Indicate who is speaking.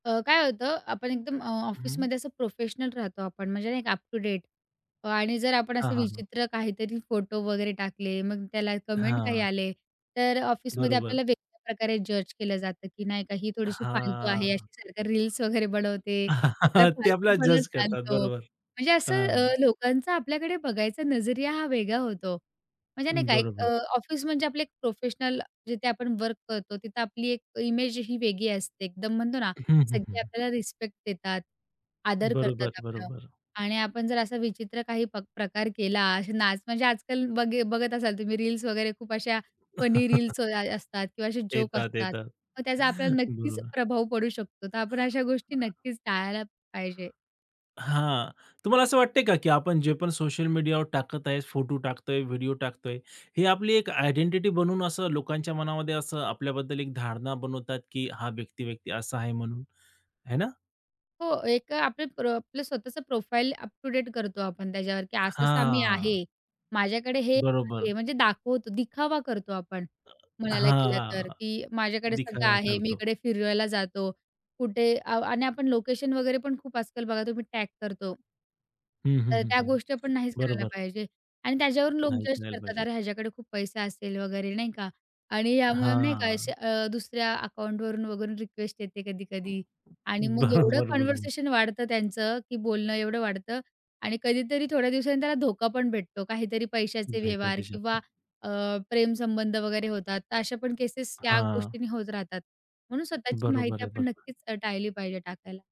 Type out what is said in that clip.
Speaker 1: अ, काय होतं, आपण एकदम अ,
Speaker 2: हं.
Speaker 1: ऑफिसमध्ये असं प्रोफेशनल राहतो, आपण म्हणजे ना एक अप टू डेट अ, आणि जर आपण
Speaker 2: हां,
Speaker 1: असं
Speaker 2: हां, हां.
Speaker 1: विचित्र काहीतरी फोटो वगैरे टाकले, मग त्याला कमेंट काही
Speaker 2: हां.
Speaker 1: आले, तर ऑफिसमध्ये
Speaker 2: बरोबर.
Speaker 1: आपल्याला वेगवेगळ्या प्रकारे जज केलं जातं, की नाही का ही थोडीशी फालतू आहे
Speaker 2: हां.
Speaker 1: अशी सारखी रील्स वगैरे बनवते, तर
Speaker 2: ते आपल्याला
Speaker 1: फालतूपणा
Speaker 2: जज करतात.
Speaker 1: चालतो.
Speaker 2: बरोबर.
Speaker 1: म्हणजे असं अ,
Speaker 2: हां.
Speaker 1: लोकांचा आपल्याकडे बघायचा नजरिया हा वेगळा होतो, म्हणजे नाही का एक
Speaker 2: बरोबर.
Speaker 1: अ, ऑफिस म्हणजे आपले एक प्रोफेशनल जिथे आपण वर्क करतो, तिथं आपली एक इमेज ही वेगळी असते. एकदम म्हणतो ना,
Speaker 2: हं, हं, हं,
Speaker 1: सगळे
Speaker 2: हं.
Speaker 1: आपल्याला रिस्पेक्ट देतात, आदर करतात
Speaker 2: बरोबर,
Speaker 1: आपलं
Speaker 2: बरोबर.
Speaker 1: आणि आपण जर असा विचित्र काही पक प्रकार केला, असे नाच म्हणजे आजकाल बघ बघत असाल तुम्ही रील्स वगैरे खूप अशा फनी रील्स अ असतात किंवा असे जोक
Speaker 2: येतात
Speaker 1: असतात,
Speaker 2: येतात.
Speaker 1: तर त्याचा आपल्याला नक्कीच
Speaker 2: बरोबर.
Speaker 1: प्रभाव पडू शकतो, तर आपण अशा गोष्टी
Speaker 2: हां.
Speaker 1: नक्कीच टाळायला पाहिजे.
Speaker 2: हां, तुम्हाला असं वाटतंय का, की आपण जे पण सोशल मीडियावर टाकत आहे, फोटो टाकतोय, व्हिडिओ टाकतोय, ही आपली एक आयडेंटिटी बनवून असं लोकांच्या मनामध्ये असं आपल्याबद्दल एक धारणा बनवतात, की हा व्यक्ती-व्यक्ती असा आहे म्हणून, आहे ना?
Speaker 1: हो, एक अ, आपलं प्रो आपलं स्वतःचं प्रोफाईल अप टू डेट करतो आपण त्याच्यावर, की असा-असा मी
Speaker 2: हां.
Speaker 1: आहे. माझ्याकडे हे
Speaker 2: बरोबर.
Speaker 1: आहे म्हणजे दाखवतो, दिखावा करतो आपण.
Speaker 2: अ,
Speaker 1: म्हणायला गेलं तर,
Speaker 2: हां.
Speaker 1: की माझ्याकडे सगळं
Speaker 2: दिखावा
Speaker 1: आहे. मी
Speaker 2: करतो.
Speaker 1: इकडे फिरायला जातो, कुठे आ आणि आपण लोकेशन वगैरे पण खूप आजकाल बघा तुम्ही टॅग करतो.
Speaker 2: हं,
Speaker 1: तर
Speaker 2: हं,
Speaker 1: त्या
Speaker 2: हं.
Speaker 1: गोष्टी पण नाहीच करायला
Speaker 2: बरोबर.
Speaker 1: पाहिजे आणि त्याच्यावरून लोकं
Speaker 2: नाही
Speaker 1: जज
Speaker 2: करायला
Speaker 1: करतात.
Speaker 2: पाहिजे.
Speaker 1: अरे, ह्याच्याकडे खूप पैसे असेल वगैरे, नाही का आणि यामुळे नाही का, असे
Speaker 2: हां.
Speaker 1: अ, दुसऱ्या अकाउंटवरून वगैरे रिक्वेस्ट येते कधी-कधी आणि मग एवढं
Speaker 2: बरोबर, बरोबर.
Speaker 1: कन्व्हर्सेशन वाढतं त्यांचं, की बोलणं एवढं वाढतं आणि कधीतरी थोड्या दिवसांनी त्याला धोका पण भेटतो, काहीतरी पैशाचे
Speaker 2: भेट
Speaker 1: व्यवहार
Speaker 2: देऊ
Speaker 1: किंवा
Speaker 2: शकता.
Speaker 1: अ, प्रेम संबंध वगैरे होतात, तर अशा पण केसेस या
Speaker 2: हां.
Speaker 1: गोष्टींनी होत राहतात. म्हणून स्वतःची
Speaker 2: बरोबर
Speaker 1: माहिती
Speaker 2: आहे,
Speaker 1: आपण
Speaker 2: बरोबर.
Speaker 1: नक्कीच अ, टाळली पाहिजे टाकायला.